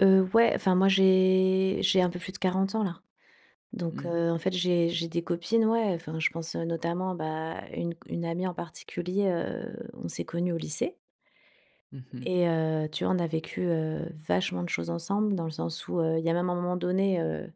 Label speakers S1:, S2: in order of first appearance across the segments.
S1: Heu, ouais, enfin moi j'ai j'ai un peu plus de 40 ans là. Donc,
S2: Mmh.
S1: heu, en fait, j'ai j'ai des copines, ouais, enfin je pense, heu, notamment bah, une c une amie en particulier, heu on s'est connues au lycée.
S2: Mmh mh.
S1: Et heu, tu vois, on a vécu, heu, vachement de choses ensemble, dans le sens où, heu, il y a un moment donné, heu,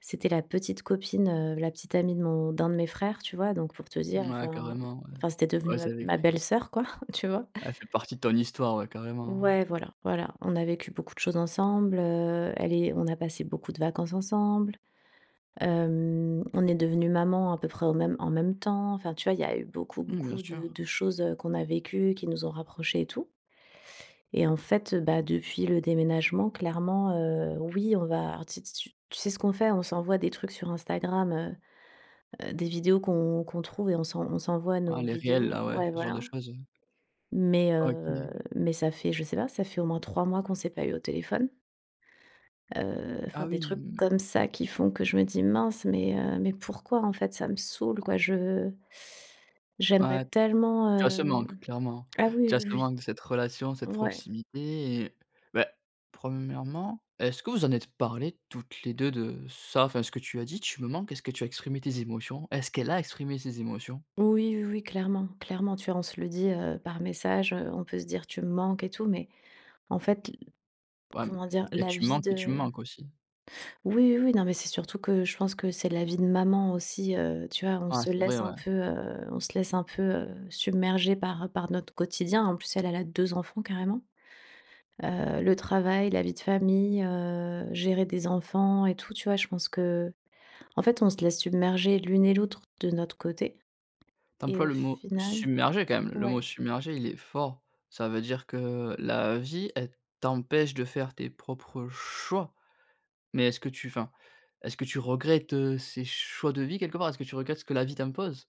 S1: c'était la petite copine, heu, la petite amie de mon d'un de mes frères, tu vois? Donc pour te dire,
S2: Ouais
S1: enfin, mmh,
S2: carrément, ouais.
S1: enfin c'était devenue,
S2: Ouais c'est
S1: heu,
S2: avec
S1: ma
S2: cr
S1: belle sœur quoi, tu vois?
S2: Elle fait partie de ton histoire, ouais, carrément, ouais.
S1: Ouais, voilà, voilà, on a vécu beaucoup de choses ensemble, heu elle est on a passé beaucoup de vacances ensemble. Hem, on est devenues maman à peu près au même en même temps. Enfin, tu vois, il y a eu beaucoup,
S2: Mmh, bien
S1: beaucoup de
S2: sûr.
S1: de choses, heu, qu'on a vécues, qui nous ont rapprochés et tout. Et en fait, heu, bah depuis le déménagement, clairement, heu, oui, on va, alors tu sais tu s tu sais ce qu'on fait? On s'envoie des trucs sur Instagram, heu heu, des vidéos qu'on qu'on trouve et on s'en on s'envoie
S2: Ah
S1: nos
S2: les reels
S1: vidéos.
S2: là, ouais,
S1: Ouais,
S2: ce genre de
S1: voilà.
S2: choses, oui.
S1: Mais, heu,
S2: OK.
S1: mais ça fait je sais pas, ça fait au moins 3 mois qu'on s'est pas eu au téléphone heu, enfin,
S2: Ah
S1: des
S2: oui,
S1: trucs
S2: mmh.
S1: comme ça qui font que je me dis: «Mince, mais, heu, mais pourquoi en fait ça me saoule quoi, je j'aimerais
S2: Ouais.
S1: tellement
S2: Tu as ce
S1: hem»,
S2: manque, clairement.
S1: ah oui,
S2: Tu as
S1: oui,
S2: ce
S1: oui.
S2: manque de cette relation, cette
S1: Ouais.
S2: proximité et beh 1° est-ce que vous en êtes parlées toutes les 2 de, ça? Enfin ce que tu as dit: «Tu me manques», est-ce que tu as exprimé tes émotions? Est-ce qu'elle a exprimé ses émotions?
S1: Oui, oui, oui, clairement, clairement. Tu vois, on se le dit, heu, par message, heu, on peut se dire: «tu manques et tout». Mais, en fait l
S2: Ouais m
S1: comment dire?
S2: il y a
S1: La
S2: tu
S1: vie
S2: manques et tu
S1: de
S2: manques aussi.
S1: Oui, oui, oui, non, mais c'est surtout que, je pense que c'est la vie de maman aussi, heu, tu vois? On
S2: Ah
S1: se
S2: c'est vrai,
S1: laisse un
S2: ouais.
S1: peu, heu, on se laisse un peu, heu, submerger par par notre quotidien. En plus, elle elle a 2 enfants carrément. Heu, le travail, la vie de famille, heu, gérer des enfants et tout tu vois? Je pense que en fait, on se laisse submerger l'une et l'autre de notre côté.
S2: Tu
S1: Et
S2: emploies
S1: au
S2: le mot
S1: final
S2: «submerger» quand même, le mot
S1: ouais.
S2: submerger il est fort. Ça veut dire que la vie, elle t'empêche de faire tes propres choix. Mais est-ce que tu enfin, est-ce que tu regrettes, heu, ces choix de vie quelque part? Est-ce que tu regrettes ce que la vie t'impose?